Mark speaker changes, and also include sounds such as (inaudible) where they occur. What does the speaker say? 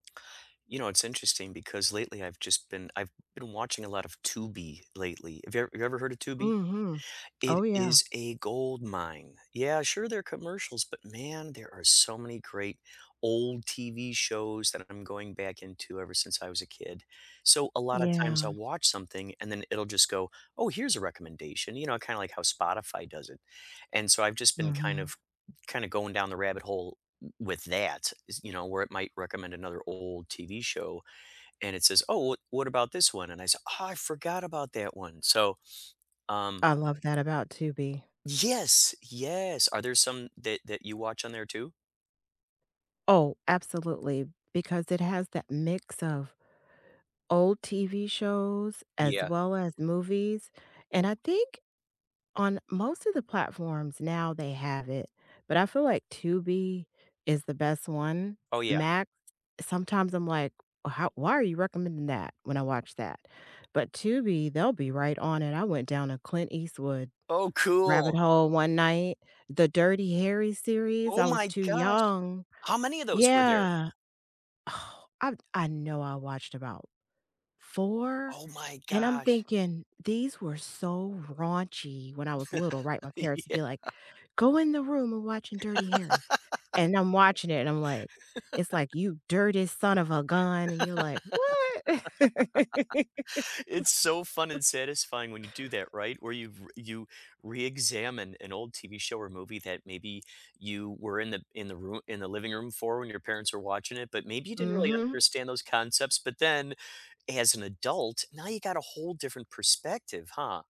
Speaker 1: You know, it's interesting because lately I've just been I've been watching a lot of Tubi lately. Have you have you ever heard of Tubi?
Speaker 2: Mhm. Oh,
Speaker 1: It
Speaker 2: yeah.
Speaker 1: is a gold mine. Yeah, sure, there are commercials, but man, there are so many great old TV shows that I'm going back into ever since I was a kid. So, a lot of times
Speaker 2: Yeah.
Speaker 1: I'll watch something and then it'll just go, "Oh, here's a recommendation," you know, kinda like how Spotify does it, and so, I've just been kind
Speaker 2: Uh-huh.
Speaker 1: of kinda going down the rabbit hole w with that, is you know, where it might recommend another old TV show, and it says, "Oh, wha what about this one?" and I said, "Oh, I forgot about that one." So, um
Speaker 2: I love that, about Tubi.
Speaker 1: Yes! Yes. Are there some that that you watch on there too?
Speaker 2: Oh, absolutely, because it has that mix of old TV shows as
Speaker 1: Yeah.
Speaker 2: well as movies, and I think on most of the platforms now, they have it, but I feel like Tubi is the best one.
Speaker 1: Oh, yeah.
Speaker 2: Max, sometimes I'm like, "How why are you recommending that when I watch that?" but Tubi, they'll be right on it. I went down a Clint Eastwood
Speaker 1: Oh,
Speaker 2: rabbit
Speaker 1: cool!
Speaker 2: hole one night, the Dirty Harry series,
Speaker 1: Oh
Speaker 2: I was
Speaker 1: my
Speaker 2: too
Speaker 1: gosh!
Speaker 2: young
Speaker 1: How many of those were there?
Speaker 2: Yeah. Oh, I I know I watched about 4,
Speaker 1: Oh my
Speaker 2: and I'm
Speaker 1: gosh.
Speaker 2: thinking these were so raunchy. When I was little, right, my
Speaker 1: (laughs)
Speaker 2: parents would
Speaker 1: Yeah.
Speaker 2: be like, "Go in the room, we're watching Dirty Harry."
Speaker 1: (laughs)
Speaker 2: And I'm watching it, and I'm like it's like,
Speaker 1: (laughs)
Speaker 2: "You dirty son of a gun," and you're like, "What?"
Speaker 1: (laughs) It's so fun
Speaker 2: (laughs)
Speaker 1: and satisfying when you do that, right? Where you've you reexamine an old TV show or movie that maybe you were in the in the roo in the living room for when your parents are watching it, but maybe you didn't really
Speaker 2: Mhm.
Speaker 1: understand those concepts, but then as an adult, now you got a whole different perspective, huh?